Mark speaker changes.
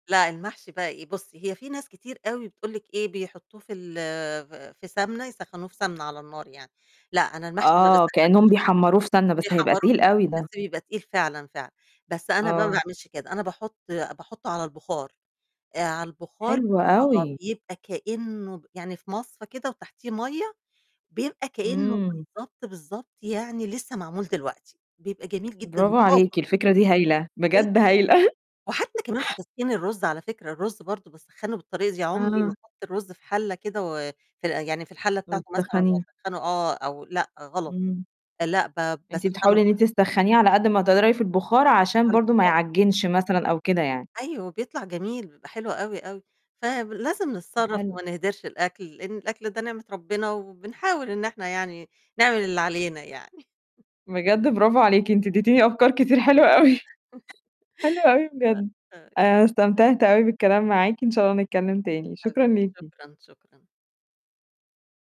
Speaker 1: لأ، المحشي بقى إيه، بُصّي، هي في ناس كتير أوي بتقول لِك إيه، بيحطّوه في ال ف في سَمنة يسخّنوه في سَمنة على النار يعني لأ، أنا المحشي ما
Speaker 2: آه، كإنّهم
Speaker 1: باسخّنوش كده،
Speaker 2: بيحمّروه في سَمنة، بس هيبقى
Speaker 1: بيحمّروه
Speaker 2: تقيل
Speaker 1: فعلًا
Speaker 2: أوي
Speaker 1: بس
Speaker 2: ده.
Speaker 1: بيبقى تقيل فعلًا، فعلًا، بس أنا بقى ما
Speaker 2: آه.
Speaker 1: باعملش كده، أنا باحُط باحُطه على البُخار، آآ، على البُخار
Speaker 2: حلو
Speaker 1: آه،
Speaker 2: أوي.
Speaker 1: بيبقى كإنّه ب يعني في مَصفه كده وتحتيه مَيّة، بيبقى كإنه
Speaker 2: إمم.
Speaker 1: بالضبط، بالضبط يعني لسه معمول دلوقتي، بيبقى جميل جدًا
Speaker 2: برافو
Speaker 1: وطازة.
Speaker 2: عليكِ، الفكرة دي هايلة،
Speaker 1: جدًا.
Speaker 2: بجد هايلة.
Speaker 1: وحتى كمان في تسخين الرُز على فكرة الرُز برضه باسخّنه بالطريقة دي، عُمري ما
Speaker 2: آه.
Speaker 1: أحط الرُز في حلّة كده و في ال يعني في الحلّة بتاعته مثلًا
Speaker 2: وتسخنيه.
Speaker 1: وأسخّنه آه أو لأ، غلط
Speaker 2: إمم.
Speaker 1: لأ، ب
Speaker 2: أنتِ
Speaker 1: باسخّنه
Speaker 2: بتحاولي إن
Speaker 1: [unintelligible]
Speaker 2: أنتِ تسخنيه على قد ما تقدري في البُخار، عشان
Speaker 1: على
Speaker 2: برضه ما
Speaker 1: البُخار.
Speaker 2: يعجّنش مثلًا أو كده يعني.
Speaker 1: أيوه، بيطلع جميل، بيبقى حلو أوي، أوي فب لازم
Speaker 2: ده
Speaker 1: نتصرّف
Speaker 2: حلو.
Speaker 1: وما نهدِرش الأكل، لإن الأكل ده نعمة ربنا وبنحاول إن إحنا يعني نعمل اللي علينا يعني.
Speaker 2: بجد برافو عليكِ، أنتِ اديتيني أفكار كتير حلوة أوي، حلو أوي بجد
Speaker 1: أ أي
Speaker 2: أنا استمتعت أوي بالكلام معاكِ، إن شاء الله نتكلّم تاني، شكرًا
Speaker 1: حبيبتي
Speaker 2: ليكِ.
Speaker 1: شكرًا، شكرًا.